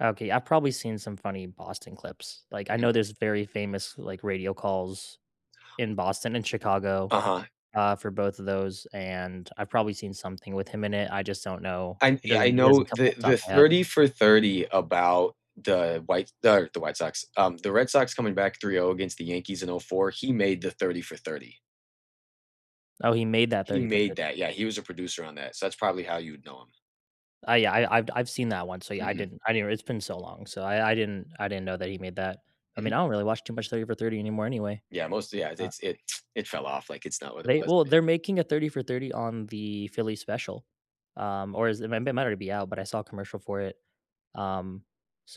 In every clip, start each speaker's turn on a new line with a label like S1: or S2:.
S1: Okay, I've probably seen some funny Boston clips. Like, I know
S2: Mhm.
S1: there's very famous, like, radio calls in Boston and Chicago,
S2: Uh-huh.
S1: uh, for both of those, and I've probably seen something with him in it. I just don't know.
S2: I,
S1: It
S2: yeah,
S1: doesn't,
S2: I
S1: it
S2: know
S1: doesn't come off
S2: the
S1: the
S2: the
S1: top of my head.
S2: 30 for 30 about the white the White Sox, um, the Red Sox coming back 3-0 against the Yankees in '04, he made the 30 for 30.
S1: Oh, he made that
S2: He
S1: 30 for
S2: made
S1: 30.
S2: that, yeah, he was a producer on that, so that's probably how you'd know him.
S1: Oh yeah, I I've I've seen that one, so yeah, I
S2: Mhm.
S1: didn't I didn't, it's been so long, so I I didn't I didn't know that he made that. I mean, I
S2: Mhm
S1: don't really watch too much 30 for 30 anymore anyway.
S2: Yeah, mostly, yeah, the
S1: Uh
S2: it's it it fell off like it's not what it
S1: They,
S2: was
S1: well,
S2: but
S1: they're making a 30 for 30 on the Philly special, um, or is it might it might already be out, but I saw a commercial for it, um,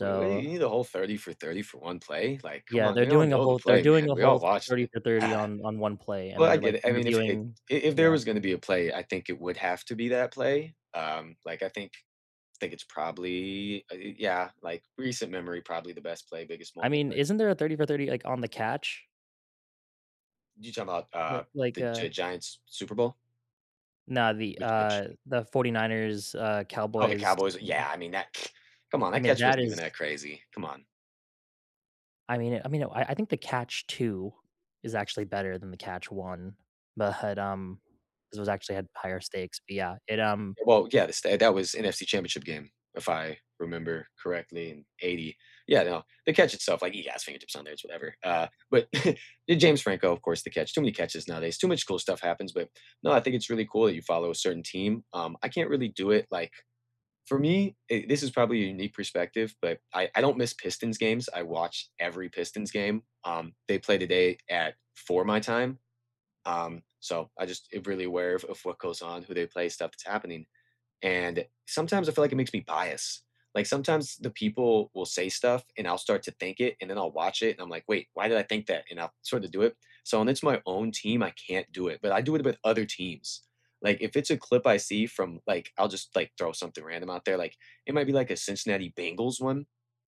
S2: Wait, wha what do you need a whole 30 for 30 for 1 play? Like, come
S1: Yeah,
S2: on,
S1: they're
S2: "We all
S1: doing a
S2: know the
S1: whole thir they're
S2: play,
S1: doing
S2: man,
S1: a
S2: we all
S1: whole
S2: watched
S1: 30
S2: it."
S1: for 30 on on one play and
S2: Well, I
S1: they're
S2: get
S1: like
S2: it. I mean, if it
S1: interviewing,
S2: if there
S1: yeah.
S2: was gonna be a play, I think it would have to be that play, um, like, I think I think it's probably, y yeah, like, recent memory, probably the best play, biggest
S1: I
S2: moment,
S1: mean,
S2: but
S1: isn't there a 30 for 30, like on the Catch?
S2: You talking about, uh,
S1: Like, like,
S2: the
S1: uh
S2: G Giants Super Bowl?
S1: Now, the,
S2: Which
S1: uh,
S2: Catch?
S1: the Forty-Niners, uh,
S2: Oh, the
S1: Cowboys.
S2: Cowboys, yeah,
S1: [unintelligible]
S2: I mean that, come on,
S1: I
S2: that
S1: mean,
S2: catch
S1: that
S2: wasn't even
S1: is
S2: that crazy. Come on.
S1: I mean I mean, I I think the Catch Two is actually better than the Catch One but, um, it was actually had higher stakes, but yeah, it, um
S2: Well, yeah, the sta that was NFC championship game, if I remember correctly in '80. Yeah, no, the catch itself, like he has fingertips on there, it's whatever, uh, but the James Franco, of course, the catch, too many catches nowadays, too much cool stuff happens, but no, I think it's really cool that you follow a certain team. Um, I can't really do it like, for me, eh, this is probably a unique perspective, but I I don't miss Pistons games, I watch every Pistons game, um, they play today at 4 my time. Um, so I just really aware of what goes on, who they play, stuff that's happening, and sometimes I feel like it makes me biased, like, sometimes the people will say stuff and I'll start to think it, and then I'll watch it, and I'm, like, "Wait, why did I think that?" and I'll sorta do it. So when it's my own team, I can't do it, but I do it with other teams. Like, if it's a clip I see from, like, I'll just like throw something random out there, like, it might be like a Cincinnati Bengals one,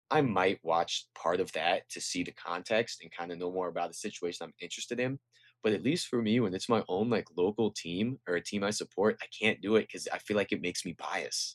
S2: I might watch part of that to see the context and kinda know more about the situation I'm interested in. But at least for me, when it's my own, like, local team or a team I support, I can't do it 'cause I feel like it makes me biased.